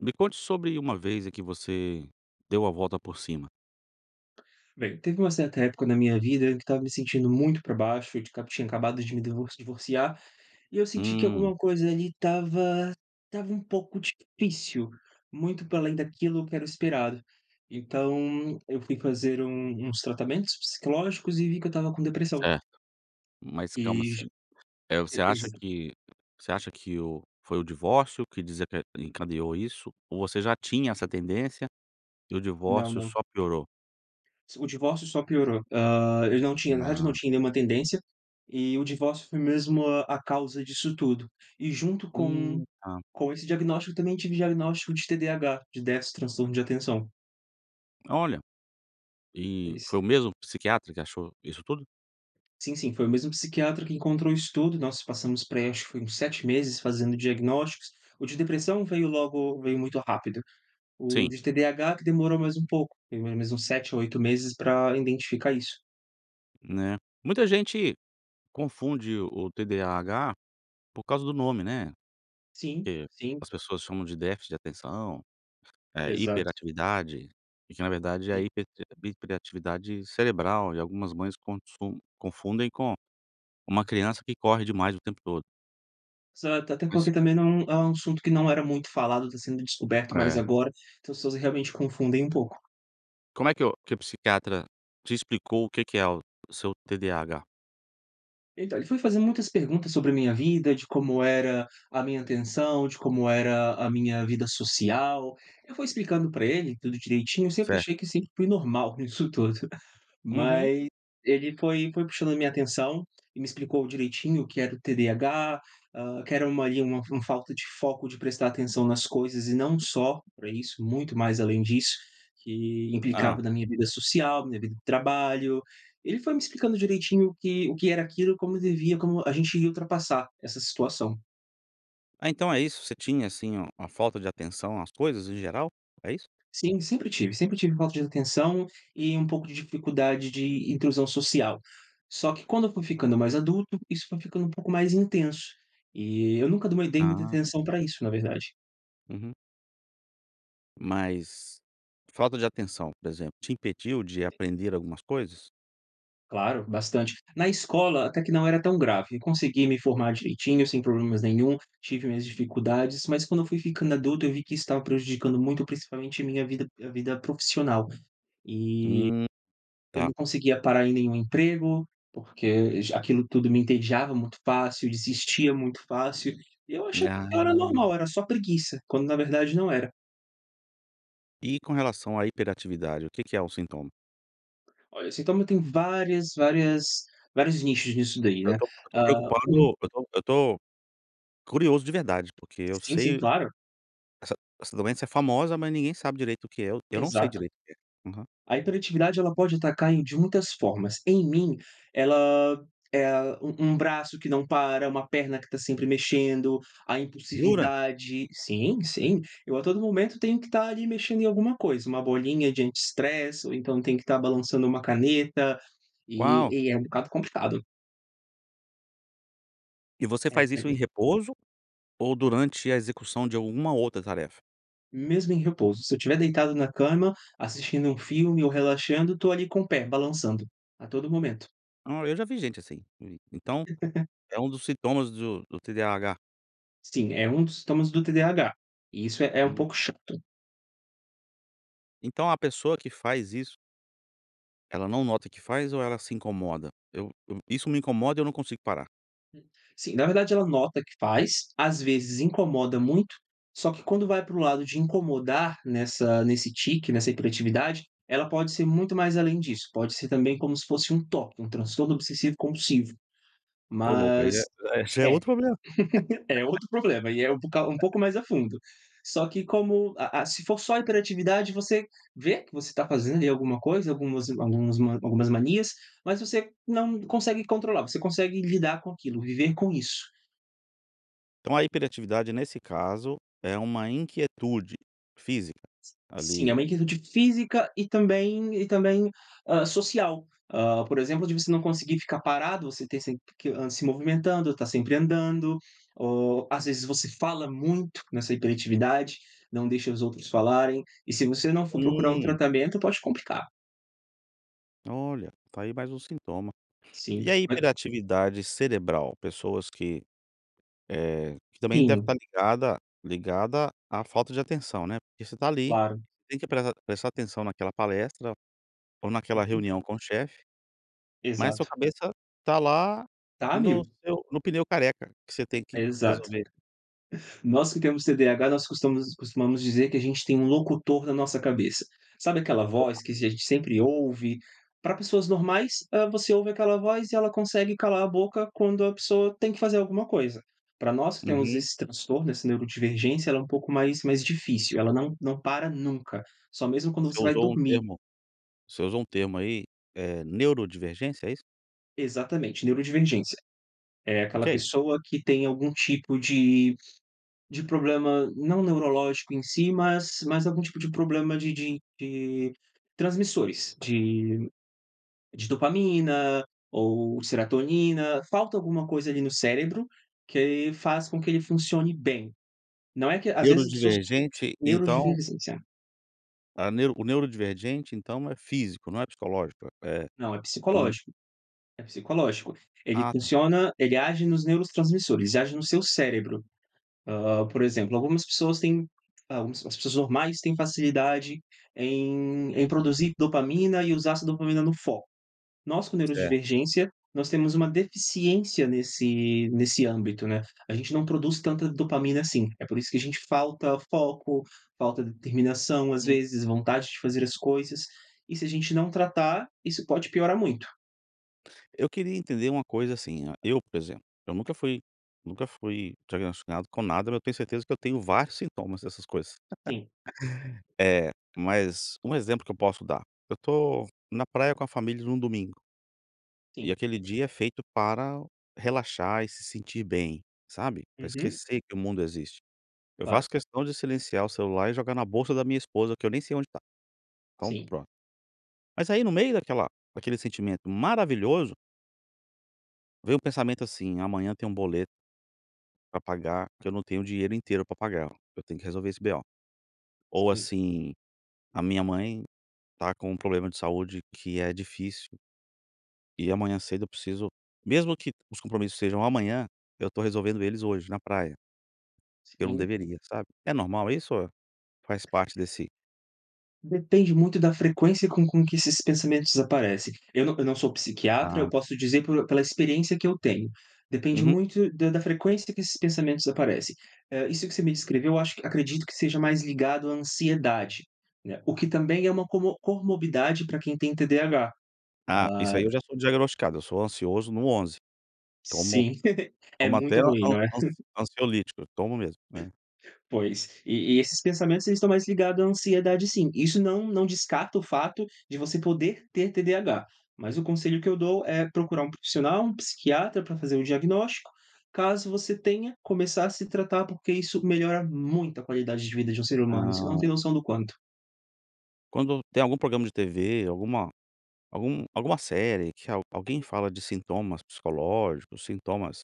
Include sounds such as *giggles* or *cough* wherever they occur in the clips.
Me conte sobre uma vez em que você deu a volta por cima. Bem, teve um certa época na minha vida em que eu estava me sentindo muito pra baixo e de cab tinha acabado de me divor divorciar e eu senti que Hum. alguma coisa ali estava estava um pouco difícil, muito para além daquilo que era o esperado, então, eu fui fazer um uns tratamentos psicológicos e vi que eu estava com depressão Certo. Mas e como ju assim? Eh, e você exa acha que você acha que o foi o divórcio que deseca encadeou isso, ou você já tinha essa tendência e o Não, divórcio não. só piorou? S o divórcio só piorou, hã, eu não tinha nada, não Ah. tinha nenhuma tendência e o divórcio foi mesmo a causa disso tudo. E junto com Hum, tá. com esse diagnóstico eu também tive diagnóstico de TDAH, de déficit transtorno de atenção. Olha! E Foi foi s o mesmo psiquiatra que achou isso tudo? Sim, sim. Foi o mesmo psiquiatra que encontrou isso tudo, nós passamos por aí, acho que foi uns 7 meses fazendo diagnósticos, o de depressão veio logo veio muito rápido. O Sim. de TDAH que demorou mais um pouco, demorou mais uns 7 ou 8 meses pra identificar isso. Né, muita gente confunde o TDAH por causa do nome, né? Sim, Que sim. as pessoas chamam de déficit de atenção, eh, Exato. hiperatividade e que na verdade é a E. hipertivi hiperatividade cerebral e algumas mães contsun confundem com uma criança que corre demais o tempo todo. Exato. Até Mas porque também, não é um assunto que não era muito falado, tá sendo descoberto mais É. agora, então, se usa realmente confundem um pouco. Como é que o que o psiquiatra te explicou o que que é o seu TDAH? Então, ele foi fazendo muitas perguntas sobre a minha vida, de como era a minha atenção, de como era a minha vida social. Eu fui explicando pra ele tudo direitinho, sempre Certo. achei que sempre fui normal nisso tudo. Ah, Uhum. mas ele foi foi puxando a minha atenção e me explicou direitinho o que era o TDAH, hã, que era uma ali, uma uma falta de foco, de prestar atenção nas coisas e não só pra isso, muito mais além disso, que Hã. implicava na minha vida social, na minha vida de trabalho. E ele foi me explicando direitinho o que o que era aquilo e como devia como a gente ia ultrapassar essa situação. Ah, então é isso, você tinha assim um uma falta de atenção às coisas em geral, é isso? Sim, sempre tive. Sempre tive falta de atenção e um pouco de dificuldade de inclusão social, só que quando eu fui ficando mais adulto, isso foi ficando um pouco mais intenso, e eu nunca de uma dei muita Ah. atenção pra isso, na verdade. Uhum. Mas, falta de atenção, por exemplo, te impediu de aprender algumas coisas? Claro, bastante. Na escola até que não era tão grave, eu consegui me formar direitinho, sem problemas nenhum, tive minhas dificuldades, mas quando eu fui ficando adulto, eu vi que isso estava prejudicando muito, principalmente a minha vida a vida profissional, e Hum, eu tá. não conseguia parar em nenhum emprego, porque já aquilo tudo me entediava muito fácil, eu desistia muito fácil. E eu achava que eu Ah. era normal, era só preguiça, quando na verdade não era. E com relação à hiperatividade, o que que é o sintoma? Olha, sintoma tem várias várias vários nichos disso daí, Eu né, estou eu estou hã, preocupado um eu estou eu estou curioso de verdade, porque eu Sim, sim, sei claro. essa essa doença é famosa, mas ninguém sabe direito o que é, eu eu não sei Exato. direito o que é. Aham. A hiperatividade ela pode atacar em de muitas formas. Em mim, ela eh, um um braço que não para, uma perna que está sempre mexendo, a Jura? impulsividade sim, sim, eu a todo momento tenho que estar ali mexendo em alguma coisa, uma bolinha de anti-stress ou então tem que estar balançando uma caneta, Uau. e e é um bocado complicado. E você É faz é isso em mesmo. repouso ou durante a execução de alguma outra tarefa? Mesmo em repouso, se eu estiver deitado na cama, assistindo um filme ou relaxando, tô ali com o pé, balançando, a todo momento. Ah, eu já vi gente assim. En então *laughs* é um dos sintomas do do TDAH? Sim, é um dos sintomas do TDAH, e isso é é um Hum. pouco chato. Então a pessoa que faz isso ela não nota que faz ou ela se incomoda? Eu eu isso me incomoda eu não consigo parar. Hum, sim, na verdade ela nota que faz, às vezes incomoda muito, só que quando vai para o lado de incomodar nessa nesse tique, nessa hiperatividade, ela pode ser muito mais além disso, pode ser também como se fosse um TOC, um Transtorno Obsessivo Compulsivo. Ô louco, aí Mas, é é já é é, outro problema. *chuckles* é outro problema e é um pou um pouco *laughs* mais a fundo. Só que como a a se for só a hiperatividade você vê, que você tá fazendo aí alguma coisa, algumas alguns algumas manias, mas você não consegue controlar, você consegue lidar com aquilo, viver com isso. Então a hiperatividade nesse caso é uma inquietude física Sim, é ali uma inquietude física e também e também, hã, social. Hã, por exemplo, de você não conseguir ficar parado, você ter sempre que, hã, se movimentando, tá sempre andando ou às vezes você fala muito nessa hiperatividade, não deixa os outros falarem. E se você não for procurar um Hum. tratamento, pode complicar. Olha, tá aí mais um sintoma. Sim, E a ma hiperatividade cerebral? Pessoas que, eh, que também deve Sim. estar ligada ligada à falta de atenção, né. Porque você tá ali, Claro. tem que prea prestar atenção naquela palestra, ou naquela Uhum. reunião com o chefe, mas a sua Exato. cabeça tá lá Tá a no mil. seu no pneu careca que você tem que Exato. resolver. Nós que temos TDAH, nós costumas costumamos dizer que a gente tem um locutor na nossa cabeça. Sabe aquela Opa. voz que a gente sempre ouve, pra pessoas normais, hã, você ouve aquela voz e ela consegue calar a boca quando a pessoa tem que fazer alguma coisa. Pra nós que temos Uhum. esse transtorno, esse neurodivergência, ela é pouco mais mais difícil. Ela não não para nunca, só mesmo quando Você você vai usou um dormir. termo você usou um termo aí, é neurodivergência, é isso? Exatamente, neurodivergência. É O aquela que é isso? pessoa que tem algum tipo de de problema, não neurológico em si, mas mas algum tipo de problema de de de transmissores, de de dopamina ou serotonina. Falta alguma coisa ali no cérebro que faz com que ele funcione bem. Não é que às vezes as pessoas Neurodivergente então neurodivergência. a neuro o neurodivergente então é físico, não é psicológico? É Não, é é um psicológico, é psicológico. Ele Ah, tá. funciona ele age nos neurotransmissores, ele age no seu cérebro. Hã, por exemplo, algumas pessoas têm, hã, umas ps as pessoas normais têm facilidade em em produzir dopamina e usar essa dopamina no foco. Nós com Certo. neurodivergência, nós temos uma deficiência nesse nesse âmbito, né, a gente não produz tanta dopamina assim. É por isso que a gente falta foco, falta determinação, às Hum. vezes vontade de fazer as coisas e se a gente não tratar, isso pode piorar muito. Eu queria entender uma coisa assim, eu, por exemplo, eu nunca fui nunca fui diagnosticado com nada, mas eu tenho certeza que eu tenho vários sintomas dessas coisas, Sim. *laughs* eh, mas, um exemplo que eu posso dar, eu estou na praia, com a família, num domingo e Sim. aquele dia é feito para relaxar e se sentir bem, sabe, pra Uhum. esquecer que o mundo existe. Eu Claro. faço questão de silenciar o celular e jogar na bolsa da minha esposa que eu nem sei onde tá, então, Sim. pronto. Mas, aí, no meio daquela daquele sentimento maravilhoso vem um pensamento, assim, amanhã tem um boleto pra pagar, que eu não tenho o dinheiro inteiro pra pagar, eu tenho que resolver esse BO, ou, Sim. assim, a minha mãe tá com um problema de saúde que é difícil e amanhã cedo eu preciso mesmo que os compromissos sejam amanhã, eu tô resolvendo eles hoje na praia. Eu não Sim. deveria, sabe. É normal isso? Ou faz parte desse Depende muito da frequência com com que esses pensamentos aparecem. Eu não eu não sou psiquiatra, eu Ah. posso dizer pelo pela experiência que eu tenho, depende Uhum. muito da da frequência que esses pensamentos aparecem. Hã, isso que você me descreveu eu acho acredito que seja mais ligado à ansiedade, né, o que também é uma como comorbidade para quem tem TDAH, Ah, ai. isso aí eu já sou diagnosticado, eu sou ansioso no 11. Tomo Sim, *giggles* é tomo até muito an ruim, an não é? ansi *giggles* ansiolítico, eu tomo mesmo, né. Pois, e e esses pensamentos eles estão mais ligados à ansiedade, sim, isso não não descarta o fato de você poder ter TDAH. Mas o conselho que eu dou, é procurar um profissional, um psiquiatra pra fazer um diagnóstico, caso você tenha, começar a se tratar porque isso melhora muito a qualidade de vida de um ser humano, você não Ah. tem noção do quanto. Quando tem algum programa de TV alguma algum alguma série que al alguém fala de sintomas psicológicos, sintomas,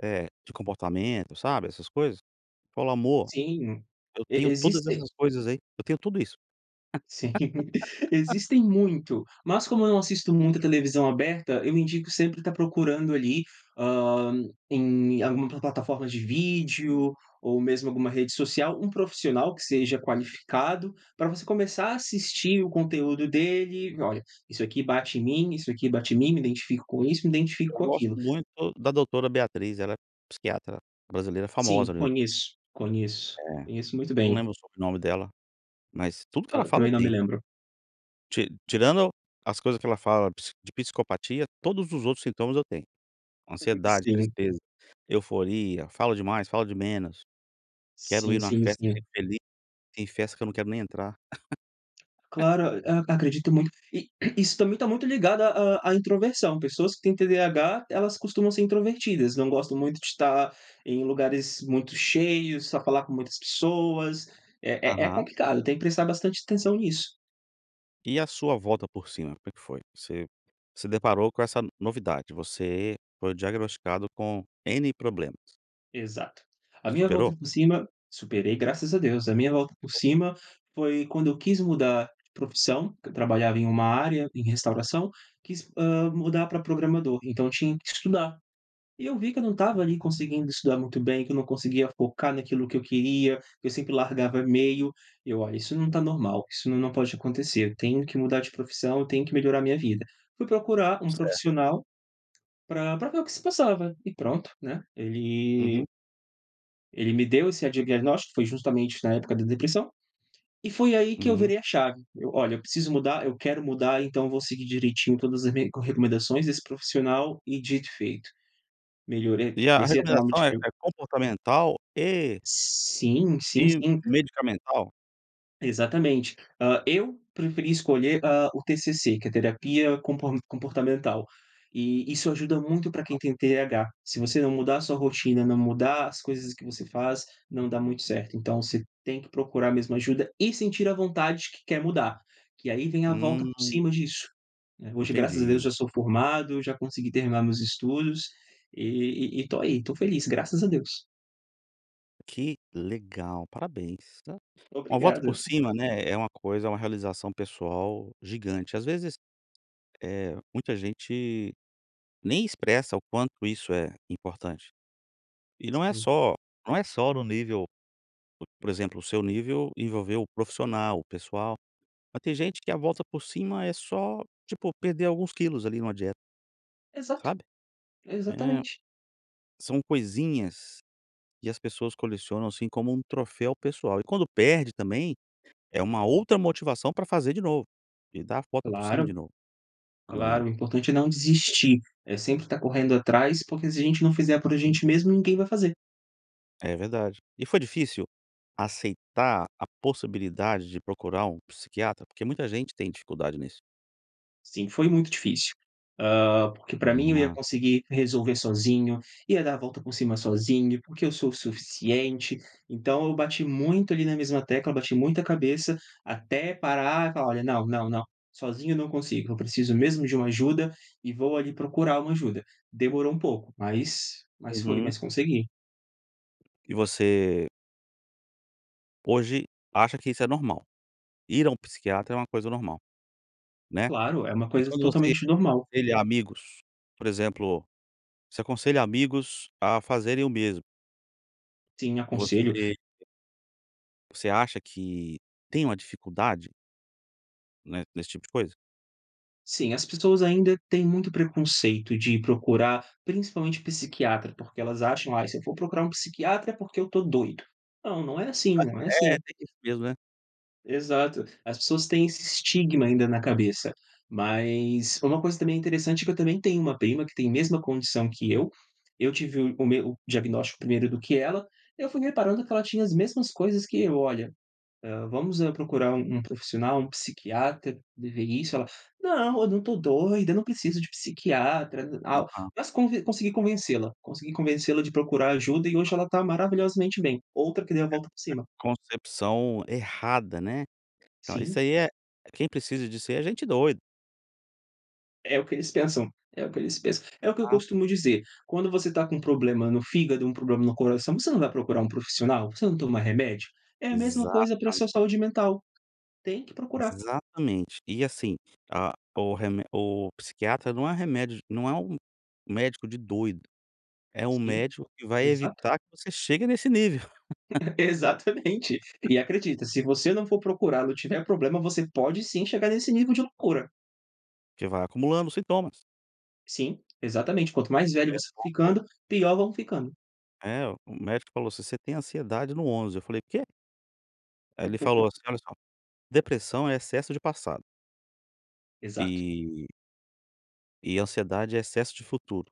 eh, de comportamento, sabe, essas coisas? Falo: "Amor, Sim. eu E tenho todas existem essas coisas aí, eu tenho tudo isso." Sim. *laughs* *laughs* Existem muito, mas como eu não assisto muito a televisão aberta, eu indico sempre estar procurando ali, hã, em alguma plataforma de vídeo ou mesmo alguma rede social, um profissional que seja qualificado, para você começar a assistir o conteúdo dele e: "Olha, isso aqui bate em mim, isso aqui bate em mim, me identifico com isso, me identifico Eu com gosto aquilo.". muito da doutora Beatriz, ela é psiquiatra, brasileira, Sim, famosa no YouTube. conheço, conheço. É. Conheço muito Eu não bem. lembro o sobrenome dela, mas tudo que ela Hã, fala eu também não me tenho. lembro. Ti tirando as coisas que ela fala psi de psicopatia, todos os outros sintomas eu tenho: *unintelligible* ansiedade, sim. tristeza, euforia, fala demais, fala de menos, quero ir Sim, numa sim, festa, sim. chego feliz, tem festa que eu não quero nem entrar. *laughs* Claro. A acredito muito. E isso também está muito ligado à à à introversão, pessoas que têm TDAH, elas costumam ser introvertidas, não gostam muito de estar em lugares muito cheios, só falar com muitas pessoas, é é é Aham. complicado, tem que prestar bastante atenção nisso. E a sua volta por cima, como é que foi? Você se deparou com essa novidade, você foi diagnosticado com "N" problemas. Exato. A minha volta Superou? por cima superei graças a Deus, a minha volta por *unintelligible* cima foi quando eu quis mudar de profissão, que eu trabalhava em uma área, em restauração, quis, hã, mudar para programador, então eu tinha que estudar. E eu vi que eu não estava ali conseguindo estudar muito bem, que eu não conseguia focar naquilo que eu queria, que eu sempre largava meio, eu: "Olha, isso não está normal, isso não não pode acontecer, eu tenho que mudar de profissão, eu tenho que melhorar a minha vida". Fui procurar um Certo. profissional, para para ver o que se passava e pronto, né, Uhum. ele ele me deu esse a diagnóstico, foi justamente na época da depressão, e foi aí que eu Uhum. virei a chave, eu: "Olha, eu preciso mudar, eu quero mudar, então vou seguir direitinho todas as me recomendações desse profissional", e dito e feito, melhorei. E a a Comecei a tomar recomendação é medicamen é comportamental e Sim, sim, e sim. medicamental? Exatamente. Hã, eu preferi escolher, hã, o TCC, que é terapia compo comportamental e e isso ajuda muito para quem *unintelligible* tem TH. Se você não mudar a sua rotina, não mudar as coisas que você faz, não dá muito certo, então você tem que procurar mesmo ajuda e sentir a vontade que quer mudar, que aí vem a volta por Hum. cima disso, né. Hoje graças a Deus Entendi. eu já sou formado, já consegui terminar meus estudos e e e estou aí, estou feliz, graças a Deus. Que legal, parabéns, tá. Uma volta Obrigado. por cima, né, é uma coisa, é uma realização pessoal gigante. Ás vezes, eh, muita gente nem expressa o quanto isso é importante. E não é Sim. só não é só no nível, por por exemplo, o seu nível envolveu o profissional, o pessoal. Mas tem gente que a volta por cima é só, tipo, perder alguns quilos ali numa dieta. Exato, Sabe? É. exatamente. São coisinhas que as pessoas colecionam assim, como um troféu pessoal. E quando perde também, é uma outra motivação pra fazer de novo. E dar a volta por cima de Claro, novo, né. claro. O importante é não desistir. É sempre tá correndo atrás, porque se a gente não fizer por a gente mesmo, ninguém vai fazer. É verdade. E foi difícil aceitar a possibilidade de procurar um psiquiatra? Porque muita gente tem dificuldade nisso. Sim, foi muito difícil, hã. Porque pra mim eu ia Ah. conseguir resolver sozinho, ia dar a volta por cima sozinho, porque eu sou o suficiente. Então eu bati muito ali na mesma tecla, bati muita a cabeça, até parar e falar: "Olha, não, não, não, sozinho eu não consigo. Eu preciso mesmo de uma ajuda e vou ali procurar uma ajuda". Demorou um pouco, mas mas foi, Uhum. mas consegui. E você hoje acha que isso é normal? Ir a um psiquiatra é uma coisa normal, né, Claro, é uma e coisa quando você totalmente normal. aconselha amigos, por exemplo, você aconselha amigos a fazerem o mesmo. Sim, aconselho. Você você, acha que tem uma dificuldade né, nesse tipo de coisa? Sim, as pessoas ainda têm muito preconceito de ir procurar, principalmente psiquiatra, porque elas acham "Ai, se eu for procurar um psiquiatra é porque eu tô doido". Não, não é assim, Ah, não é é, assim. tem isso mesmo, né? Exato. As pessoas têm esse estigma ainda na cabeça. Mas uma coisa também é interessante é que eu também tenho uma prima que tem mesma condição que eu. Eu tive o o meu o diagnóstico primeiro do que ela, eu fui reparando que ela tinha as mesmas coisas que eu, olha, hã, vamos, eh, procurar um um profissional, um psiquiatra, de ver isso, ela: "Não, eu não tô doida, eu não preciso de psiquiatra", tal, Aham. mas conv consegui convencê-la, consegui convencê-la de procurar ajuda e hoje ela tá maravilhosamente bem, outra que deu a A volta por cima. a concepção errada, né? Então, isso Sim. aí é quem precisa disso ai é gente doido. É o que eles pensam, é o que eles pensam. É o que eu Ah. costumo dizer, quando você tá com um problema no fígado, um problema no coração, você não vai procurar um profissional? Você não toma remédio? É a mesma coisa para a Exatam sua saúde mental, tem que procurar. Exatamente, e assim a o remé o psiquiatra não é remédio não é um médico de doido, é um Sim, médico que vai exato. evitar que você chegue nesse nível. *chuckles* Exatamente. E acredita, se você não for procurá-lo e tiver problema você pode sim chegar nesse nível de loucura. Que vai acumulando os sintomas. Sim, exatamente, quanto mais velho Daí a você for pouco ficando, pior vão ficando. É, o médico falou: "Você tem ansiedade no 11", eu falei: "O quê?". Aí ele falou *chuckles* assim: "Olha só, depressão é excesso de passado" Exato. "e" "e ansiedade é excesso de futuro.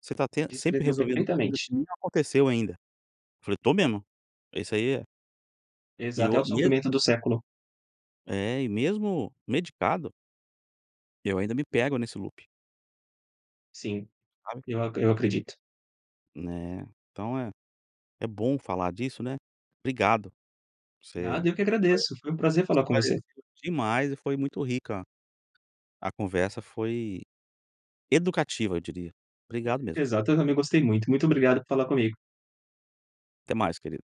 Você tá ten sempre Descreveu resolvendo coisa perfeitamente. que nem aconteceu ainda", eu falei: "Eu tô mesmo", falei: "Isso aí é" E Exato, é o o mesmo sofrimento do século. É, e mesmo medicado eu ainda me pego nesse loop. Sim, Sabe? eu acre eu acredito. Né, então é é bom falar disso, né. Obrigado! Você Nada, eu que agradeço, foi um prazer falar com você. esclareceu demais e foi muito rica a conversa, foi educativa, eu diria. Obrigado mesmo. Exato, eu também gostei muito. Muito obrigado por falar comigo. Até mais, querido.